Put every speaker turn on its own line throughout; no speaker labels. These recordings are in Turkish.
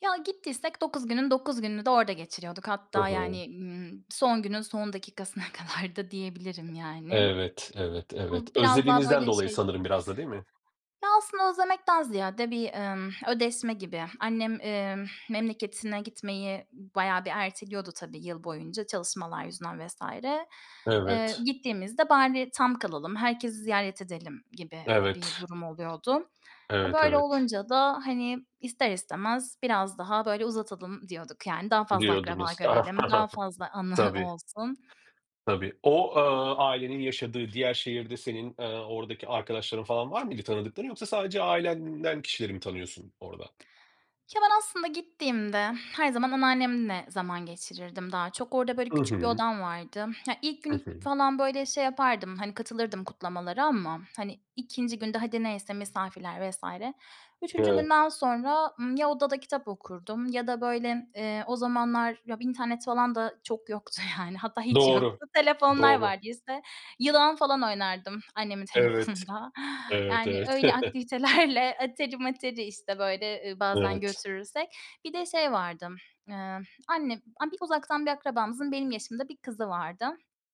Ya gittiysek 9 günün 9 gününü de orada geçiriyorduk.
Hı
Hatta,
hı.
yani, ımm, son günün son dakikasına kadar da diyebilirim yani.
Evet, evet, evet.
Bu biraz daha,
Özlediğinizden
böyle,
dolayı
şey
sanırım biraz da değil mi?
Ya, aslında özlemekten ziyade bir, emm, ödeşme gibi. Annem, emm, memleketine gitmeyi bayağı bir erteliyordu tabii yıl boyunca, çalışmalar yüzünden vs. Eee,
Evet.
gittiğimizde, "Bari tam kalalım, herkesi ziyaret edelim." gibi bir
Evet.
durum oluyordu. E,
Evet,
böyle
evet.
olunca da, hani, ister istemez biraz daha, böyle, uzatalım diyorduk. Yani daha fazla akraba
Diyordunuz.
görelim, daha fazla anı
Tabii.
olsun.
Tabii. O, eee, ailenin yaşadığı diğer şehirde senin, eee, oradaki arkadaşların falan var mıydı tanıdıkların yoksa sadece ailenden kişileri mi tanıyorsun orada?
Ya, ben aslında gittiğimde her zaman anneannemle zaman geçirirdim daha çok. Orada, böyle,
Hı
küçük bir
hı.
odam vardı. Ya, ilk
Hı
günü
hı.
falan böyle şey yapardım, hani katılırdım kutlamalara ama, hani, 2. günde hadi neyse misafirler vs. 3.
Evet.
günden sonra, ımm, ya odada kitap okurdum ya da böyle, eee, o zamanlar ya internet falan da çok yoktu yani. Hatta hiç
Doğru,
yoktu. Telefonlar
doğru.
vardıysa yılan falan oynardım, annemin
Evet.
telefonunda.
Evet,
Yani,
evet.
öyle aktivitelerle, atari materi, işte, böyle, bazen
Evet.
götürürsek. Bir de şey vardı, eee, anne uzaktan bir akrabamızın benim yaşımda bir kızı vardı.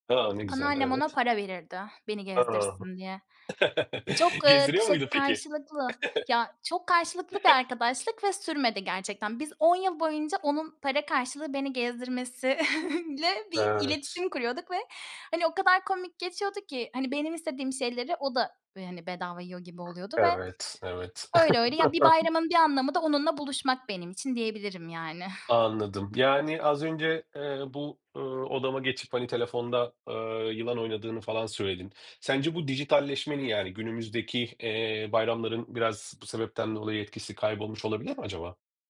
A, ne güzel.
Anneannem ona
Evet.
para verirdi, beni
A!
gezdirsin diye. Çok, eee,
Gezdiriyor
şey,
muydu peki?
karşılıklı, ya çok karşılıklı bir arkadaşlık ve sürmedi gerçekten. Biz 10 yıl boyunca onun para karşılığı beni gezdirmesiyle bir
Evet.
iletişim kuruyorduk ve, hani, o kadar komik geçiyordu ki, hani, benim istediğim şeyleri o da, hani, bedava yiyor gibi oluyordu ve
Evet, evet.
öyle öyle. Ya, bir bayramın bir anlamı da onunla buluşmak benim için diyebilirim yani.
Anladım. Yani az önce, eee, bu, ııı, odama geçip, hani, telefonda, eee, yılan oynadığını falan söyledin. Sence bu dijitalleşmenin, yani günümüzdeki, eee, bayramların biraz bu sebepten dolayı etkisi kaybolmuş olabilir mi acaba?